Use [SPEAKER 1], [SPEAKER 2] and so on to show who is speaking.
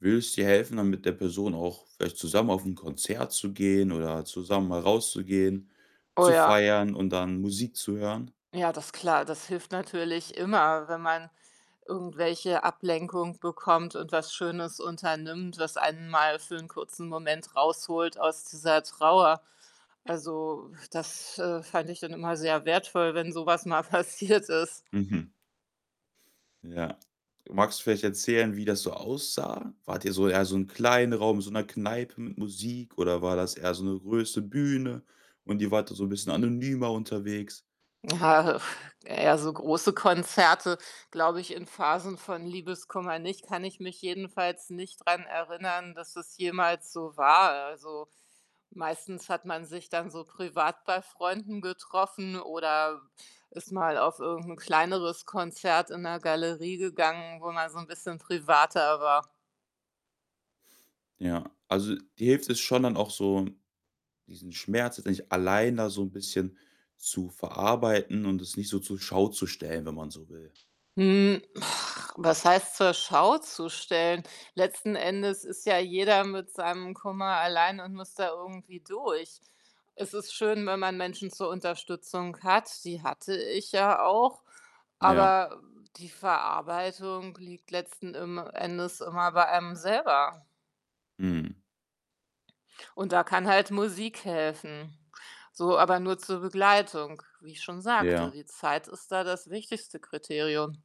[SPEAKER 1] Würde es dir helfen, dann mit der Person auch vielleicht zusammen auf 'n Konzert zu gehen oder zusammen mal rauszugehen,
[SPEAKER 2] Oh,
[SPEAKER 1] zu
[SPEAKER 2] ja.
[SPEAKER 1] feiern und dann Musik zu hören?
[SPEAKER 2] Ja, das klar, das hilft natürlich immer, wenn man irgendwelche Ablenkung bekommt und was Schönes unternimmt, was einen mal für 'n kurzen Moment rausholt aus dieser Trauer. Also, das, äh, fand ich dann immer sehr wertvoll, wenn so was mal passiert ist.
[SPEAKER 1] Mhm. Ja. Magst du vielleicht erzählen, wie das so aussah? Wart ihr so eher so 'n kleinen Raum, in so 'ner Kneipe mit Musik oder war das eher so 'ne große Bühne und ihr wart da so 'n bisschen anonymer unterwegs?
[SPEAKER 2] Ja, eher so große Konzerte, glaube ich, in Phasen von Liebeskummer nicht, kann ich mich jedenfalls nicht dran erinnern, dass es jemals so war. Also, meistens hat man sich dann so privat bei Freunden getroffen oder ist mal auf irgend 'n kleineres Konzert in 'ner Galerie gegangen, wo man so 'n bisschen privater war.
[SPEAKER 1] Ja, also, dir hilft es schon dann auch so, diesen Schmerz jetzt nicht alleine da so 'n bisschen zu verarbeiten und es nicht so zur Schau zu stellen, wenn man so will.
[SPEAKER 2] Hm, was heißt, zur Schau zu stellen? Letzten Endes ist ja jeder mit seinem Kummer alleine und muss da irgendwie durch. Es ist schön, wenn man Menschen zur Unterstützung hat. Die hatte ich ja auch,
[SPEAKER 1] Ja.
[SPEAKER 2] aber die Verarbeitung liegt letzten im Endes immer bei einem selber.
[SPEAKER 1] Mhm.
[SPEAKER 2] Und da kann halt Musik helfen. So, aber nur zur Begleitung, wie ich schon sagte,
[SPEAKER 1] Ja.
[SPEAKER 2] die Zeit ist da das wichtigste Kriterium.